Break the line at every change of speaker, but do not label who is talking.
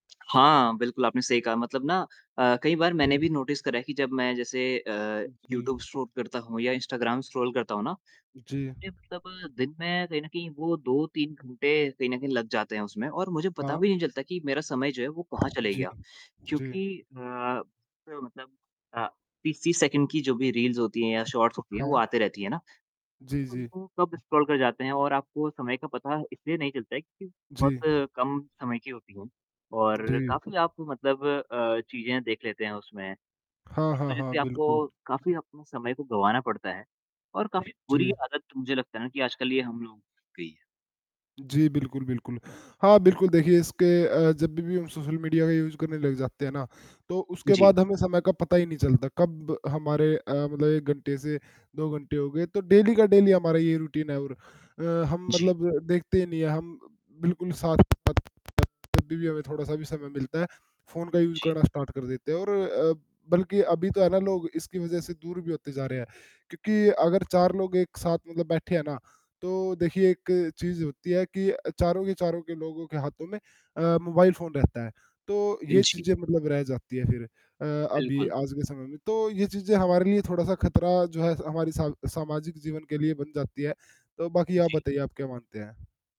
हाँ, बिल्कुल आपने सही कहा मतलब ना अ, कई बार मैंने
हुँ।
भी नोटिस करा है कि जब मैं जैसे अ,
जी।
यूट्यूब शूट करता हूँ या इंस्टाग्राम स्क्रॉल करता हूँ ना,
जी।
मैं मतलब दिन में कहीं न कहीं वो 2-3 घंटे कहीं न कहीं लग जाते हैं उसमें और मुझे पता
हाँ।
भी नहीं चलता कि मेरा समय जो है, वो कहाँ चले
जी,
गया।
जी।
क्योंकि अ, मतलब अ, 30-30 सेकंड की जो भी रील्स होती है या शॉर्ट्स होती है, वो
हाँ।
आते रहती है ना,
जी, जी।
उनको कब स्क्रॉल कर जाते हैं और आपको समय का पता इसलिए नहीं चलता है क्योंकि
जी।
बहुत कम समय की होती है और
जी।
काफ़ी आप मतलब अ, चीज़ें देख लेते हैं उसमें।
हाँ,
इस
हाँ,
वजह
हाँ,
से
बिल्कुल।
आपको काफ़ी अपने समय को गँवाना पड़ता है और काफ़ी बुरी
जी।
आदत मुझे लगता है ना कि आजकल ये हम लोगों को लग गई है।
जी, बिल्कुल, बिल्कुल, हाँ, बिल्कुल। देखिए, इसके अ, जब भी भी हम सोशल मीडिया का यूज़ करने लग जाते हैं ना, तो उसके
जी।
बाद हमें समय का पता ही नहीं चलता, कब हमारे अ, मतलब 1 घंटे से 2 घंटे हो गए, तो डेली का डेली हमारा ये रूटीन है और अ, हम
जी।
मतलब देखते ही नहीं हैं, हम बिल्कुल साथ-साथ जब भी भी हमें थोड़ा सा भी समय मिलता है, फ़ोन का यूज़
जी।
करना स्टार्ट कर देते हैं और अ, बल्कि अभी तो है ना, लोग इसकी वजह से दूर भी होते जा रहे हैं। क्योंकि अगर 4 लोग एक साथ मतलब बैठे हैं ना, तो देखिए एक चीज़ होती है कि चारों के चारों के लोगों के हाथों में अ, मोबाइल फ़ोन रहता है, तो
अ,
ये
जी।
चीज़ें मतलब रह जाती हैं फिर। अ, अभी
बिल्कुल।
आज के समय में तो ये चीज़ें हमारे लिए थोड़ा-सा खतरा जो है हमारी साम सामाजिक जीवन के लिए बन जाती है, तो बाकी आप
जी।
बताइए, आप क्या मानते हैं?